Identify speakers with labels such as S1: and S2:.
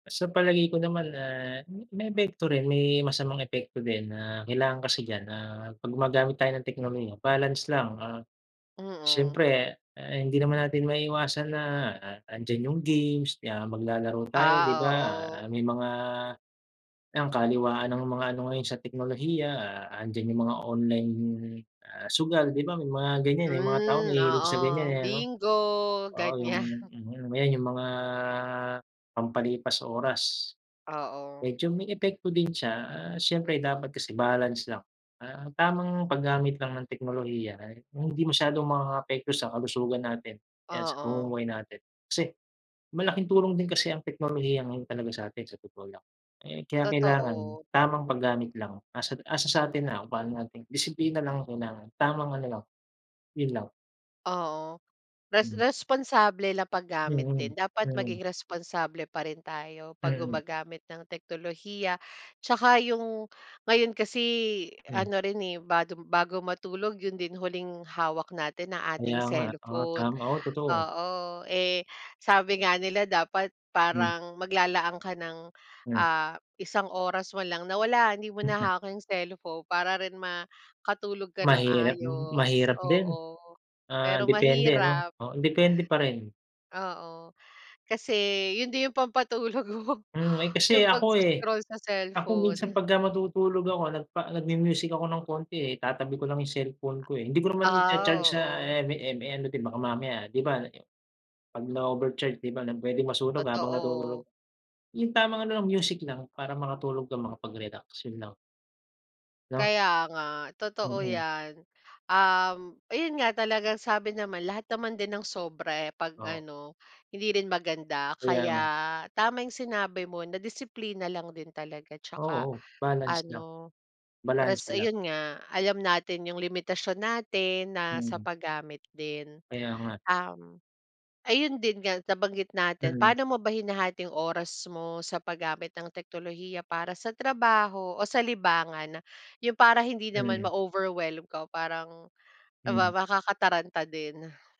S1: Sa palagay ko naman ah, ma may epekto rin may masamang epekto din na kailangan kasi diyan ah 'pag gumagamit tayo ng teknolohiya balance lang, ah,
S2: Mm.
S1: syempre hindi naman natin maiiwasan na andiyan yung games na maglalaro tayo 'di
S2: Ah
S1: ba
S2: oo.
S1: may mga, ang kaliwaan ng mga ano ngayon sa teknolohiya andiyan yung mga online, ah, sugal 'di ba may mga ganyan, eh, mga tao
S2: Mm
S1: mahilig sa ganyan,
S2: oo
S1: eh, noh?
S2: bingo
S1: Oo yung
S2: ganyan.
S1: mhm ayun yung mga pampalipas oras.
S2: Oo.
S1: Medyo may epekto din siya, ah, siyempre dapat kasi balance lang, ah, tamang paggamit lang ng teknolohiya ay yung hindi masyadong makakaapekto sa kalusugan natin, o kaya sa
S2: Oo.
S1: pamumuhay natin. Kasi, malaking tulong din kasi ang teknolohiya ngayon talaga sa'tin sa totoo lang. Eh, kinakailangan
S2: Totoo.
S1: tamang paggamit lang 'asa 'asa sa'tin lang kung pa'no natin disiplina lang ang kailangan tamang ano lang, yun lang.
S2: Oo, res
S1: Mm.
S2: responsable na paggamit
S1: Mm,
S2: din dapat
S1: mm.
S2: maging responsable pa rin tayo 'pag
S1: Mm.
S2: gumagamit ng teknolohiya, 'tsaka yung ngayon kasi
S1: Mm.
S2: ano rin eh bag badu matulog yun din huling hawak natin ang
S1: Kaya
S2: ating
S1: nga oo
S2: cellphone,
S1: tama, oo totoo.
S2: oo eh sabi nga nila dapat
S1: Hmm.
S2: parang maglalaan ka ng
S1: Hmm.
S2: ah isang oras manlang na wala hindi mo
S1: Mhm,
S2: na
S1: kay.
S2: hawak yung cellphone para rin makatulog ka ng
S1: Mahirap,
S2: maayos
S1: mahirap din,
S2: oo,
S1: ah
S2: pero
S1: depende ano
S2: mahirap.
S1: oo depende pa rin.
S2: Oo, kasi yun din yung pampatulog ko,
S1: Mhm, ay kasi
S2: yung pag
S1: ako, eh,
S2: sco-scroll sa
S1: ako minsan
S2: cellphone.
S1: pagka matutulog ako nagpa nagmu-music ako ng konti, eh, itatabi ko lang yung cellphone ko, eh, hi ndi ko naman i-cha-charge
S2: Ah
S1: sa
S2: oo.
S1: em em [unintelligible] baka mamaya 'di ba, 'pag na-overcharge 'di ba na pwedeng masunog habang natutulog,
S2: Totoo.
S1: yung tamang ano lang music lang para makatulog ka makapag-relax yun lang. No.
S2: Kaya nga totoo
S1: Mhm.
S2: 'yan, um ayun nga talagang sabi naman lahat naman din ng sobra eh 'pag
S1: Oo.
S2: ano hindi rin maganda
S1: Kaya
S2: kaya
S1: nga.
S2: tama yung sinabi mo na disiplina lang din talaga 'tsaka
S1: Oo balance lang,
S2: ano res
S1: balanse lang.
S2: ayun nga alam natin yung limitasyon natin na sa
S1: Mm.
S2: paggamit din.
S1: Kaya nga.
S2: Ayun din nga nabanggit natin
S1: Mm.
S2: pa'no mo ba hinahati yung oras mo sa paggamit ng teknolohiya para sa trabaho o sa libangan yun para hindi naman
S1: Mm.
S2: ma-overwhelm ka o parang
S1: Mm.
S2: makakataranta din?